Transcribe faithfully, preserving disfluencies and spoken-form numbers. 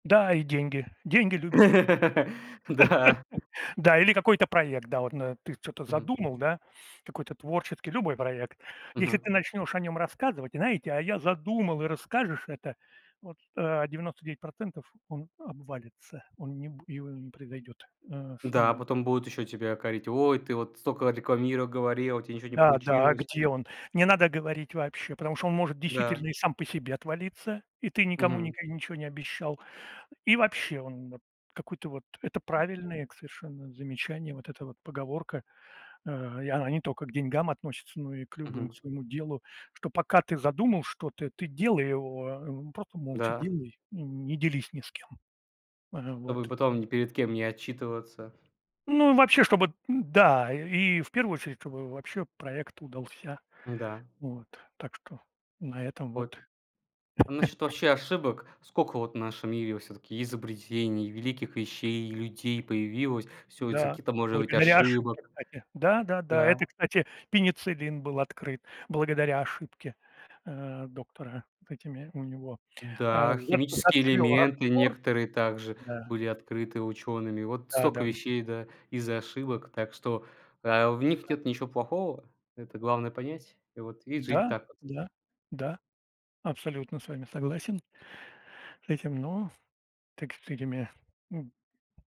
Да. И деньги деньги любит. Да. Да или какой-то проект. Да, вот нэ ты чё-то Мгм. задумал, да, какой-то творческий, любой проект. Если Мгм. ты начнёшь о нём рассказывать, знаете: "А я задумал". И расскажешь это, вот, а, девяносто девять процентов он обвалится, он не б его не произойдёт, а, с Да, а ним. потом будут ещё тебя корить: "Ой, ты вот столько рекламиро говорил, а у тя ничего не Да, да. А получилось". где он? Не надо говорить вообще, потому что он может Да. действительно и сам по себе отвалиться. И ты никому Мгм. ника ничего не обещал. И вообще он, вот, какой-то, вот. Это правильное к совершенно замечание. Вот эта вот поговорка, а, и она не тока к деньгам относится, но и к любым, Мгм. к своему делу. Что пока ты задумал что-то, ты делай его, а, ну просто молча Да. делай и не делись ни с кем. Ага, Чтобы вот. потом ни перед кем не отчитываться. Ну и вообще, чтобы, н-да, э и в первую очередь, чтобы вообще проект удался Н-да. вот. Так что на этом Вот. вот. А насчёт вообще ошибок. Сколько вот в нашем мире вот всё-таки изобретений, великих вещей, людей появилось. Всё из-за Да, каких-то, может быть, благодаря ошибок. ошибке, кстати. Да да да. Да. Это, кстати, пенициллин был открыт благодаря ошибке, а, доктора с этими, у него, а, Да, зэп химические зацвёл элементы раствор. некоторые также Да. были открыты учёными. Вот Да, столько да-да. вещей, да, из-за ошибок. Так что, а, в них А. нет ничего плохого. Это главное понять. И вот, и жить Да так вот. да да, абсолютно с вами согласен. С этим, но так с этими, м.